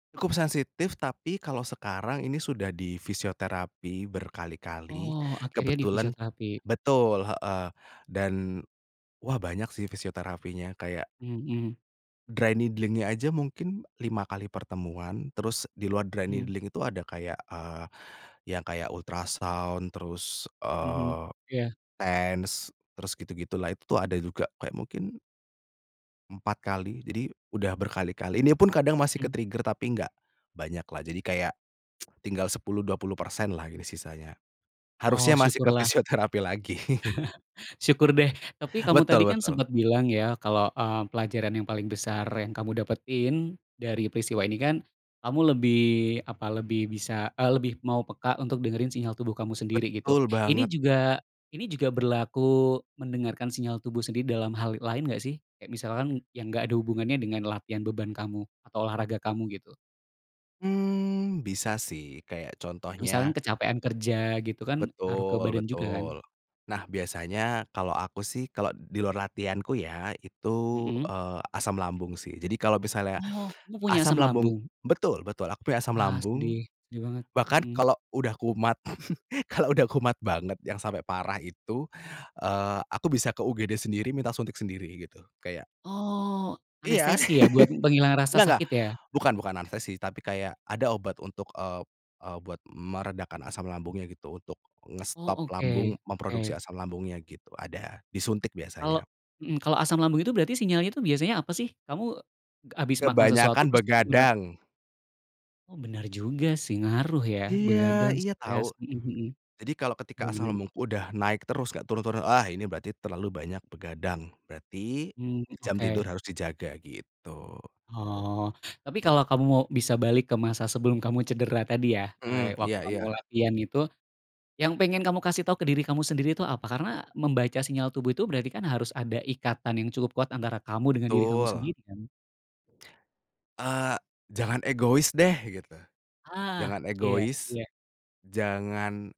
Cukup sensitif tapi kalau sekarang, ini sudah di fisioterapi berkali-kali, Oh akhirnya di kebetulan fisioterapi. betul heeh dan, wah banyak sih fisioterapinya, kayak Mhm. dry needling-nya aja mungkin 5 kali pertemuan, terus di luar dry Mhm. needling itu ada kayak, eee, yang kayak ultrasound terus, Mhm, eee, ya. TENS terus gitu gitu lah. Itu tuh ada juga kayak mungkin empat kali. Jadi, udah berkali kali ini pun kadang masih ke Mmm. trigger tapi enggak, banyak lah jadi kayak, tinggal 10, 20% lah ini sisanya. Oh Harusnya masih ke syukurlah. fisioterapi lagi. Syukur deh, tapi kamu Betul tadi kan betul. sempet bilang ya kalau, eee, pelajaran yang paling besar yang kamu dapetin, dari peristiwa ini kan, kamu lebih apa lebih bisa, eee, lebih mau peka untuk dengerin sinyal tubuh kamu sendiri gitu. Betul Ini banget. juga ini juga berlaku mendengarkan sinyal tubuh sendiri dalam hal lain enggak sih? Kayak misalkan yang enggak ada hubungannya dengan latihan beban kamu atau olahraga kamu gitu? Mmm, bisa sih kayak Misalkan contohnya kecapean kerja gitu kan, ngaruh ke Betul, badan juga kan? betul. Nah biasanya kalau aku sih kalau di luar latihanku ya itu, Mhm. eee, asam lambung sih. Jadi kalau misalnya, Oh kamu punya asam asam lambung lambung? betul betul, aku punya asam Ah sedih, lambung. sedih banget. Bahkan Mhm kalau udah kumat kalau udah kumat banget yang sampai parah itu, eee, aku bisa ke UGD sendiri minta suntik sendiri gitu, kayak Oh Iya. anestesi ya, buat penghilang rasa Enggak enggak, sakit ya? bukan bukan anestesi tapi kayak ada obat untuk, eee eee, buat meredakan asam lambungnya gitu, untuk Oh ngestop lambung oke, memproduksi oke asam lambungnya gitu ada, disuntik Kalau biasanya. mmm, kalau asam lambung itu berarti sinyalnya tuh biasanya apa sih? Kamu ga abis makan sesuatu Kebanyakan terus [unintelligible] begadang. Oh benar juga sih ngaruh ya, Iya, begadang, iya tau. stres. Mhm mhm. Jadi kalau Ya, ketika asam benar. lambung udah naik terus, enggak turun turun, ah, ini berarti terlalu banyak begadang, berarti Mmm, jam tidur oke. harus dijaga gitu. Oh, tapi kalau kamu mau bisa balik ke masa sebelum kamu cedera tadi ya, eee, Mhm, waktu iya kamu iya. latihan itu, yang pengen kamu kasih tau ke diri kamu sendiri itu apa? Karena membaca sinyal tubuh itu berarti kan harus ada ikatan yang cukup kuat antara kamu dengan diri kamu Betul. sendiri kan? Eh, jangan egois deh gitu, Ah jangan iya, egois, iya. jangan